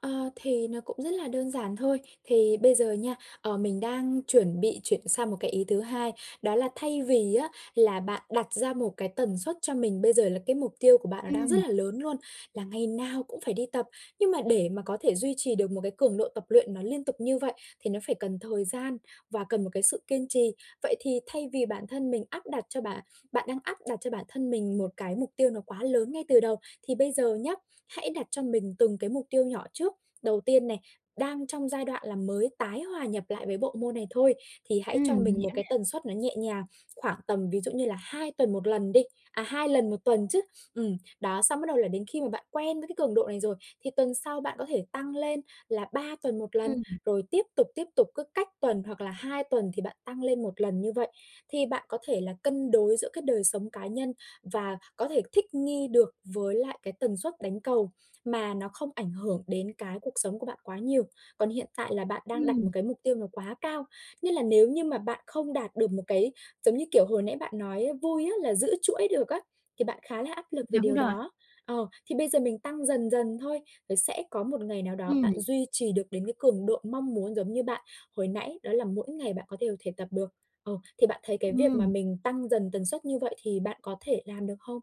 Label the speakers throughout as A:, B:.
A: Ờ, thì nó cũng rất là đơn giản thôi, thì bây giờ nha, ờ, mình đang chuẩn bị chuyển sang một cái ý thứ hai, đó là thay vì á là bạn đặt ra một cái tần suất cho mình bây giờ là cái mục tiêu của bạn nó đang rất
B: Ừm.
A: là lớn luôn, là ngày nào cũng phải đi tập, nhưng mà để mà có thể duy trì được một cái cường độ tập luyện nó liên tục như vậy thì nó phải cần thời gian và cần một cái sự kiên trì. Vậy thì thay vì bản thân mình áp đặt cho bạn bạn đang áp đặt cho bản thân mình một cái mục tiêu nó quá lớn ngay từ đầu, thì bây giờ nhá, hãy đặt cho mình từng cái mục tiêu nhỏ trước. Đầu tiên này, đang trong giai đoạn là mới tái hòa nhập lại với bộ môn này thôi, thì hãy
B: Ừm,
A: cho
B: mình
A: mình
B: hiểu
A: một cái
B: nè.
A: tần suất nó nhẹ nhàng, khoảng tầm ví dụ như là 2 tuần 1 lần đi à, 2 lần 1 tuần chứ, ừm, đó, xong bắt đầu là đến khi mà bạn quen với cái cường độ này rồi, thì tuần sau bạn có thể tăng lên là 3 tuần 1 lần,
B: Ừm.
A: rồi tiếp tục, tiếp tục, cứ cách tuần hoặc là 2 tuần thì bạn tăng lên 1 lần như vậy. Thì bạn có thể là cân đối giữa cái đời sống cá nhân và có thể thích nghi được với lại cái tần suất đánh cầu mà nó không ảnh hưởng đến cái cuộc sống của bạn quá nhiều. Còn hiện tại là bạn đang đặt một
B: Ừm.
A: cái mục tiêu nó quá cao, nên là nếu như mà bạn không đạt được một cái, giống như kiểu, hồi nãy bạn nói vui á, là giữ chuỗi được á, thì bạn khá là áp lực về
B: Đúng
A: điều
B: rồi.
A: đó ờ, thì bây giờ mình tăng dần dần thôi, rồi sẽ có một ngày nào đó
B: Ừm.
A: bạn duy trì được đến cái cường độ mong muốn, giống như bạn hồi nãy, đó là mỗi ngày bạn có đều thể tập được. Ờ, thì bạn thấy cái việc mà
B: Ừm.
A: mình tăng dần tần suất như vậy thì bạn có thể làm được hông?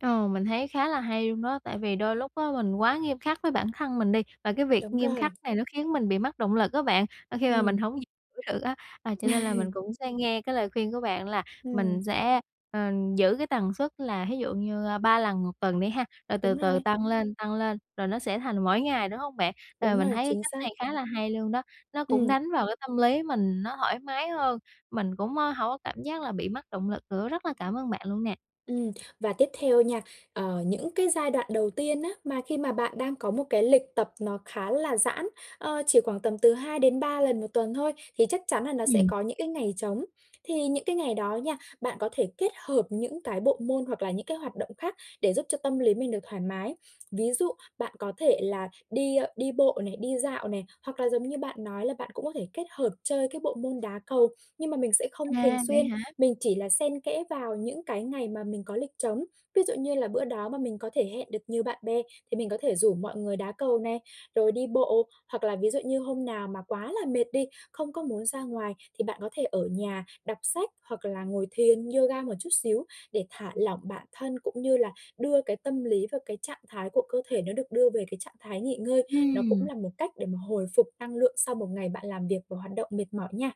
B: Ờ, mình thấy khá là hay luôn đó, tại vì đôi lúc á mình quá nghiêm khắc với bản thân mình đi, và cái việc
A: Đúng
B: nghiêm khắc
A: rồi.
B: này nó khiến mình bị mất động lực á bạn, ơ, khi mà mình
A: Ừm.
B: hổng giữ được á, à, cho nên là
A: Ừ.
B: mình cũng sẽ nghe cái lời khuyên của bạn là mình
A: Ừm.
B: sẽ, ờ, giữ cái tần suất là thí dụ như, a, 3 lần 1 tuần đi ha, rồi từ
A: Đúng
B: từ
A: rồi.
B: tăng lên, tăng lên, rồi nó sẽ thành mỗi ngày, đúng hông bạn? Ờ,
A: Đúng
B: mình
A: rồi,
B: thấy cái
A: chính
B: cách này
A: xác.
B: khá là hay luôn đó, nó cũng
A: Ừm.
B: đánh vào cái tâm lý mình nó thoải mái hơn, mình cũng, ơ, hổng có cảm giác là bị mất động lực nữa, rất là cảm ơn bạn luôn nè.
A: Ừm, và tiếp theo nha, ờ, những cái giai đoạn đầu tiên á mà khi mà bạn đang có một cái lịch tập nó khá là giãn, ờ, chỉ khoảng tầm từ 2-3 lần 1 tuần thôi, thì chắc chắn nà nó sẽ
B: Ừm.
A: có những cái ngày trống, thì những cái ngày đó nha, bạn có thể kết hợp những cái bộ môn hoặc là những cái hoạt động khác để giúp cho tâm lý mình được thoải mái. Ví dụ bạn có thể là đi, ơ, đi bộ này, đi dạo này, hoặc là, giống như bạn nói là bạn cũng có thể kết hợp chơi cái bộ môn đá cầu, nhưng mà mình sẽ không thường
B: À, vậy
A: xuyên,
B: hả?
A: mình chỉ là xen kẽ vào những cái ngày mà mình có lịch trống. Ví dụ như là bữa đó mà mình có thể hẹn được nhiều bạn bè, thì mình có thể rủ mọi người đá cầu này, rồi đi bộ, hoặc là ví dụ như hôm nào mà quá là mệt đi, không có muốn ra ngoài thì bạn có thể ở nhà đọc sách, hoặc là ngồi thiền, yoga một chút xíu để thả lỏng bản thân cũng như là đưa cái tâm lý và cái trạng thái của cơ thể nó được đưa về cái trạng thái nghỉ ngơi, nó cũng
B: Ừm.
A: là một cách để mà hồi phục năng lượng sau một ngày bạn làm việc và hoạt động mệt mỏi nha.